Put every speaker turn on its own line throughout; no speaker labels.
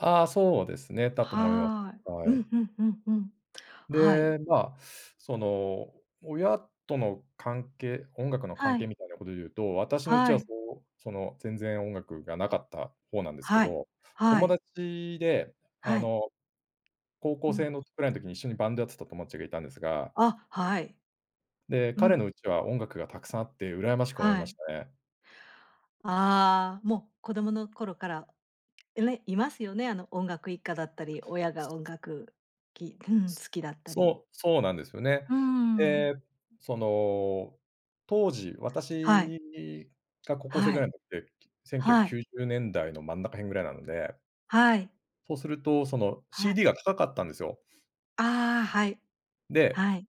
ああ、そうですね。だと思います。
はい。う
は
ん
い。
うんうんうん、はい。
で、まあ、その、親との関係、音楽の
は
関係
い。
みたいなことで言うと、私のうち
は
はそ
い。
う、その、全然音楽がなかった方なんですけ
はい、
ど、
は
友
い。
達で、あ
はい。
の高
う
校生
ん。
のぐらいの時に一緒にバンドやってた友達がいたんですが。
あ、はい。
で、
う
彼の
ん。
家は音楽がたくさんあって羨ましく思い
は
ま
い。
したね。
ああ、もう子供の頃から、いれいますよね。あの音楽一家だったり、親が音楽きうん。好きだったり。
そう、そうなんですよね。
うーん。
で、その、当時、
はい。
私が高校生
は
ぐらい
い。
になって、きせんきゅうひゃ
は
くき
い。
ゅうじゅうねんだいの真ん中辺ぐらいなので。
はい。
そうすると、その
はい。
CD が高かったんですよ。
ああ、はい。
で
はい。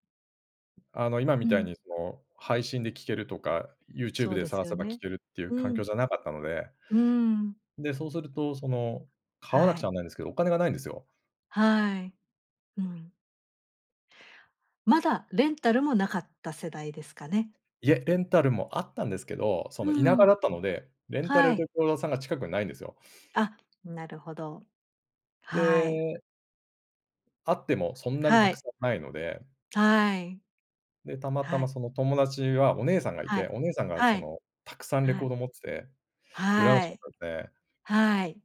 あの今
う
みたい
ん。
にその、配信で聴けるとか、
そ
Youtube
う
で
です
探
よ
せば聴
ね。
けるっていう
う
環
ん。
境じゃなかったので
うーん。
で、そうすると、その、買わなく
は
ちゃ
い。
ならないんですけど、お金がないんですよ。
はい、うん。まだレンタルもなかった世代ですかね。
いえ、レンタルもあったんですけど、そ
う
の、田舎だ
ん。
ったので、レンタ
は
ルレ
い。
コード屋さんが近くにないんですよ。
あ、なるほど。はい。
であってもそんなにた
は
く
い。
さんないので。
はい。
で、たまた
は
ま
い。
その、友達はお姉さんがい
は
て、
い、
お姉さんが
は
そ
い、
の、たくさんレ
は
コー
い。
ド持ってて、羨ま
は
しか
い。
ったんで。
はい。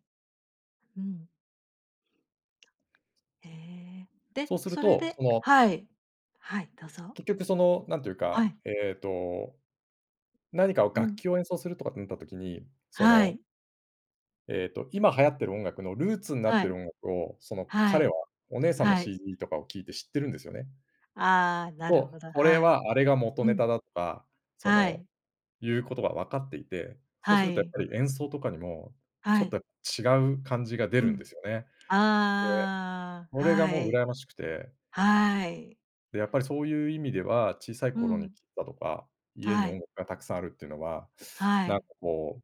うん。ええ。で、
そうする
それ
と、
で
その
はい。はい、どうぞ。
結局その、なんていう
は
か、
い。
ええと。何かを
う
楽
ん。
器を演奏するとかってなった時に、そ
は
の
い。
ええと、今流行ってる音楽のルーツになっ
は
て
い。
音楽を、その、
は
彼
い、
は、お姉さんの
はい。
CD とかを聴いて知ってるんですよね。
ああ、なる
と、
ほど、
これ
はい。
はあれが元
う
ネ
ん。
タだとか、そ
は
の、
い。
いうことが分かっていて、そうす
は
るとやっ
い。
ぱり演奏とかにも、
は
ちょっ
い。
とやっぱ違う感じが出
う
るんで
ん。
すよね。で、
あ
そ
あ、
れが
は
もう
い。
羨ましくて。
はい。
で、やっぱりそういう意味では、小さい
う
頃に
ん。
聴いたとか、家に
は
音
い。
楽がたくさんあるっていうのは、
は
なん
い。
かこう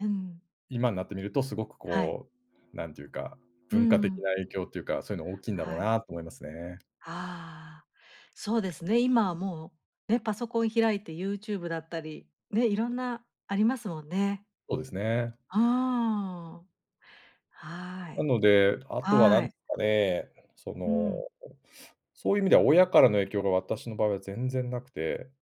うん。
今になってみると、すごく
はい。
こう、なんていうか、
う
文化的
ん。
な影響というか、そういうの大きいんだろう
はい。
なと思いますね。
ああ、そうですね。今はもう、ね、パソコン開いて Youtube だったり、ね、いろんなありますもんね。
そうですね。
うーん。は
な
い。
ので、あとはな
は
んで
い。
すかね。そ
う
の、
ん。
そういう意味では親からの影響が私の場合は全然なくて。